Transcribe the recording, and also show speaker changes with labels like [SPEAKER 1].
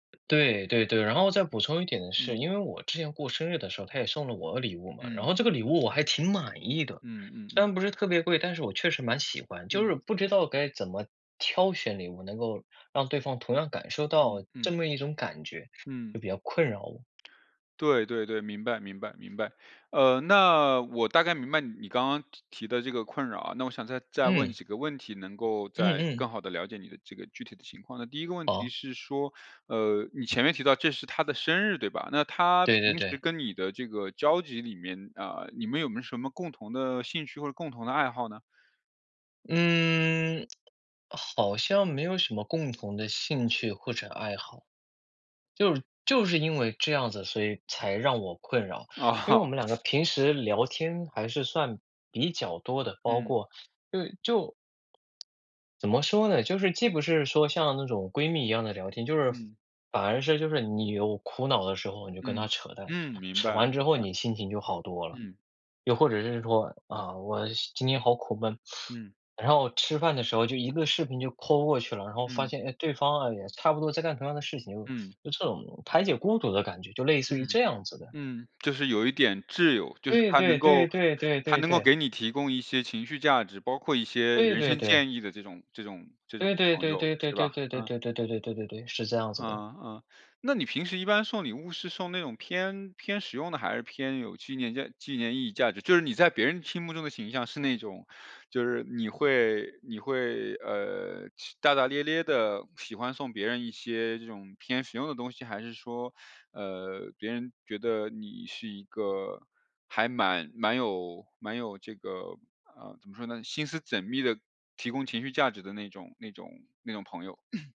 [SPEAKER 1] 对对对，然后再补充一点，是
[SPEAKER 2] 嗯。
[SPEAKER 1] 因为我之前过生日的时候，他也送了我礼物嘛，然
[SPEAKER 2] 嗯。
[SPEAKER 1] 后这个礼物我还挺满意的。
[SPEAKER 2] 嗯嗯
[SPEAKER 1] 虽
[SPEAKER 2] 嗯。
[SPEAKER 1] 然不是特别贵，但是我确实蛮喜欢，就
[SPEAKER 2] 嗯。
[SPEAKER 1] 是不知道该怎么挑选礼物，能够让对方同样感受
[SPEAKER 2] 嗯
[SPEAKER 1] 到这
[SPEAKER 2] 嗯。
[SPEAKER 1] 么一种感觉，就
[SPEAKER 2] 嗯。
[SPEAKER 1] 比较困扰我。
[SPEAKER 2] 对对对，明白明白明白。嗯，那我大概明白你刚刚提提的这个困扰啊，那我想再再问
[SPEAKER 1] 嗯。
[SPEAKER 2] 几个问题能够
[SPEAKER 1] 嗯
[SPEAKER 2] 再
[SPEAKER 1] 嗯。
[SPEAKER 2] 更好地了解你的这个具体的情况。那第一个问题
[SPEAKER 1] 哦。
[SPEAKER 2] 是说，呃，你前面提到这是他的生日，对吧？那他
[SPEAKER 1] 对对
[SPEAKER 2] 平时
[SPEAKER 1] 对。
[SPEAKER 2] 跟你的这个交集里面，呃，你们有没有什么共同的兴趣或者共同的爱好呢？
[SPEAKER 1] 嗯，好像没有什么共同的兴趣或者爱好。就是就是因为这样子，所以才让我困扰，因
[SPEAKER 2] 哦。
[SPEAKER 1] 为我们两个平时聊天还是算比较多的，包
[SPEAKER 2] 嗯。
[SPEAKER 1] 括对，就怎么说呢？就是既不是说像那种闺蜜一样的聊天，就是
[SPEAKER 2] 嗯。
[SPEAKER 1] 反而是就是你有苦恼的时候，你就跟他
[SPEAKER 2] 嗯，
[SPEAKER 1] 扯淡，
[SPEAKER 2] 嗯，明
[SPEAKER 1] 扯
[SPEAKER 2] 白，
[SPEAKER 1] 完之
[SPEAKER 2] 明
[SPEAKER 1] 后
[SPEAKER 2] 白。
[SPEAKER 1] 你心情就好多了。
[SPEAKER 2] 嗯。
[SPEAKER 1] 又或者是说，啊，我今天好苦闷，
[SPEAKER 2] 嗯。
[SPEAKER 1] 然后吃饭的时候就一个视频就 Call 过去了，然后发
[SPEAKER 2] 嗯。
[SPEAKER 1] 现，哎，对方啊也差不多在干同样的事情。
[SPEAKER 2] 嗯。
[SPEAKER 1] 就这种排解孤独的感觉，就类似于
[SPEAKER 2] 嗯，
[SPEAKER 1] 这样子的。
[SPEAKER 2] 嗯，就是有一点挚友，就是
[SPEAKER 1] 对
[SPEAKER 2] 他
[SPEAKER 1] 对
[SPEAKER 2] 能
[SPEAKER 1] 对
[SPEAKER 2] 够
[SPEAKER 1] 对对
[SPEAKER 2] 他
[SPEAKER 1] 对
[SPEAKER 2] 能够
[SPEAKER 1] 对。
[SPEAKER 2] 给你提供一些情绪价值，包括一些
[SPEAKER 1] 对
[SPEAKER 2] 人
[SPEAKER 1] 对
[SPEAKER 2] 生
[SPEAKER 1] 对。
[SPEAKER 2] 建议的这种这种这种
[SPEAKER 1] 对对
[SPEAKER 2] 朋
[SPEAKER 1] 对
[SPEAKER 2] 友，
[SPEAKER 1] 对对
[SPEAKER 2] 是吧？
[SPEAKER 1] 对对对
[SPEAKER 2] 嗯。
[SPEAKER 1] 对对对对对对，是这样子的。
[SPEAKER 2] 嗯，嗯，那你平时一般送礼物是送那种偏偏实用的，还是偏有纪念价纪念意义价值？就是你在别人心目中的形象是那种，就是你会你会，呃，是大大咧咧地喜欢送别人一些这种偏实用的东西？还是说，呃，别人觉得你是一个还蛮蛮有蛮有这个，呃，怎么说呢？心思缜密的，提供情绪价值的那种那种那种朋友？